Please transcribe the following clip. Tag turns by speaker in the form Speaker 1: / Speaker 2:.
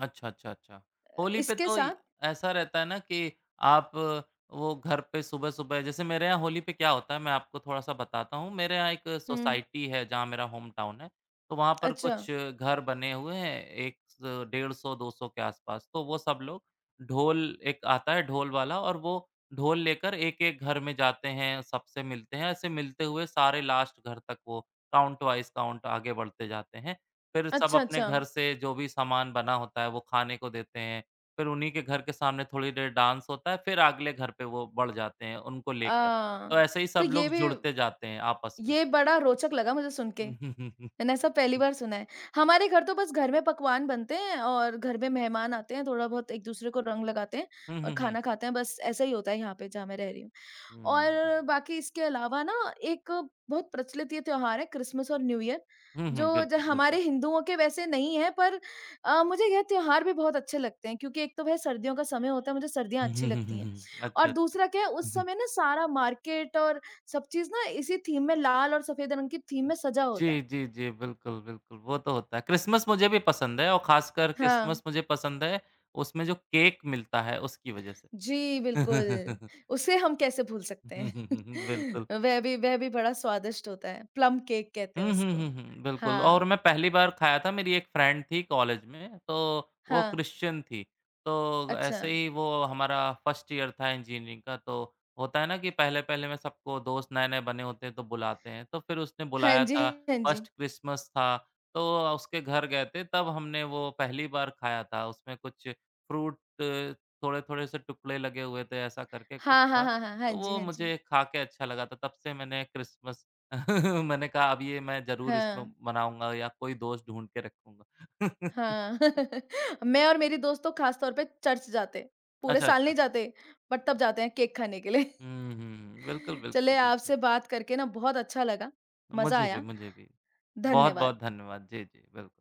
Speaker 1: अच्छा, अच्छा, अच्छा।
Speaker 2: अ,
Speaker 1: होली पे
Speaker 2: इसके
Speaker 1: तो इ
Speaker 2: साथ
Speaker 1: ऐसा रहता है ना कि आप वो घर पे सुबह-सुबह जैसे मेरे यहाँ होली पे क्या होता है, मैं आपको थोड़ा-सा बताता हूँ। मेरे यहाँ एक
Speaker 2: हुँ।
Speaker 1: सोसाइटी है, जहाँ मेरा होम टाउन है। तो वहाँ पर
Speaker 2: अच्छा।
Speaker 1: कुछ घर बने हुए हैं, एक स 150-200 के आसपास, तो वो सब लोग ढोल एक आता है, ढोल वाला, और वो ढोल लेकर एक-एक घर में जाते हैं, सबसे मिलते हैं, ऐसे मिलते हुए सारे लास्ट घर तक वो काउंट वाइज़ काउंट आगे बढ़ते जाते हैं। फिर सब
Speaker 2: अच्छा,
Speaker 1: अपने घर
Speaker 2: अच्छा।
Speaker 1: से जो भी सामान बना होता है, वो खाने को देते हैं। फिर उन्हीं के घर के सामने थोड़ी देर डांस होता है, फिर अगले घर पे वो बढ़ जाते हैं, उनको
Speaker 2: अ
Speaker 1: लेकर। तो
Speaker 2: अ,
Speaker 1: ऐसे ही
Speaker 2: तो
Speaker 1: सब
Speaker 2: ये
Speaker 1: लोग
Speaker 2: भी
Speaker 1: जुड़ते जाते हैं, आपस में।
Speaker 2: ये बड़ा रोचक लगा मुझे सुनके। मैंने ऐसा पहली बार सुना है। हमारे घर तो बस घर में पकवान बनते हैं, और घर में मेहमान आते हैं, थोड़ा-बहुत एक-दूसरे को रंग लगाते हैं,
Speaker 1: हुँ,
Speaker 2: और
Speaker 1: हुँ, हुँ।
Speaker 2: खाना खाते हैं। बस ऐसा ही होता है यहाँ पे, जहाँ मैं रह रही हूँ।
Speaker 1: हुँ,
Speaker 2: और
Speaker 1: हुँ।
Speaker 2: बाकी इसके अलावा ना, एक बहुत प्रचलित ये त्योहार है, क्रिस्मस और न्यू ईयर,
Speaker 1: हुँ, हुँ,
Speaker 2: जो ज
Speaker 1: बिल्कुल,
Speaker 2: हमारे
Speaker 1: बिल्कुल।
Speaker 2: हिन्दुओं के वैसे नहीं हैं, पर अ, मुझे ये त्योहार भी बहुत अच्छे लगते हैं, क्योंकि एक तो वह सर्दियों का समय होता है, मुझे सर्दियाँ अच्छी लगती हैं।
Speaker 1: अच्छा,
Speaker 2: और
Speaker 1: अच्छा।
Speaker 2: दूसरा क्या है, उस समय ना, सारा मार्केट और सब चीज़ ना, इसी थीम में, लाल और सफेद रंग की थीम
Speaker 1: उ,
Speaker 2: में सजा होता है।
Speaker 1: जी, जी, जी। बिल्कुल, बिल्कुल, वो तो होता है। क्रिस्मस मुझे भी पसंद है, और खासकर
Speaker 2: हाँ।
Speaker 1: क्रिस्मस मुझे पसंद है, उसमें जो केक मिलता है, उसकी वजह से।
Speaker 2: जी, बिल्कुल। उसे हम कैसे भूल सकते हैं?
Speaker 1: बिल्कुल।
Speaker 2: वह भी वह भी बड़ा स्वादिष्ट होता है। प्लम केक कहते हैं
Speaker 1: हुँ, हुँ, हुँ,
Speaker 2: उसको।
Speaker 1: हुँ, बिल्कुल, और
Speaker 2: हाँ।
Speaker 1: मैं पहली बार खाया था। मेरी एक फ्रेंड थी, कॉलेज में, तो वो
Speaker 2: हाँ।
Speaker 1: क्रिश्चियन थी। तो ऐसे
Speaker 2: अच्छा।
Speaker 1: ही वो हमारा 1st ईयर था, इंजीनियरिंग का, तो होता है ना कि पहले-पहले में सबको दोस्त नए-नए बने होते हैं, तो बुलाते हैं। तो फिर उसने
Speaker 2: हाँ
Speaker 1: बुलाया
Speaker 2: जी,
Speaker 1: था,
Speaker 2: हाँ जी।
Speaker 1: 1st क्रिस्मस था। तो अ, उसके घर गए थे, तब हमने वो पहली बार खाया था। उसमें कुछ फ्रूट थोड़े-थोड़े से टुकड़े लगे हुए थे। ऐसा करके कुछ
Speaker 2: हाँ, हाँ,
Speaker 1: था।
Speaker 2: हाँ, हाँ। हाँ
Speaker 1: तो
Speaker 2: जी,
Speaker 1: वो
Speaker 2: हाँ जी।
Speaker 1: मुझे खाके अच्छा लगा था। तब से मैंने क्रिस्मस मैंने कहा, "अब ये मैं ज़रूर इसमें
Speaker 2: हाँ।
Speaker 1: मनाऊँगा या कोई दोस्त ढूँढ के रखूँगा।"
Speaker 2: हाँ, मैं और मेरी दोस्त तो खासतौर पे चर्च जाते हैं। पूरे
Speaker 1: अच्छा,
Speaker 2: साल
Speaker 1: अच्छा।
Speaker 2: नहीं जाते। बट तब जाते हैं, केक खाने के लिए।
Speaker 1: हुँ, हुँ, बिल्कुल, बिल्कुल,
Speaker 2: चलें,
Speaker 1: बिल्कुल।
Speaker 2: आपसे बात करके ना, बहुत अच्छा लगा। मज़ा
Speaker 1: मुझे भी
Speaker 2: आया।
Speaker 1: मुझे भी।
Speaker 2: धन्यवाद।
Speaker 1: बहुत-बहुत धन्यवाद। जी, जी, बिल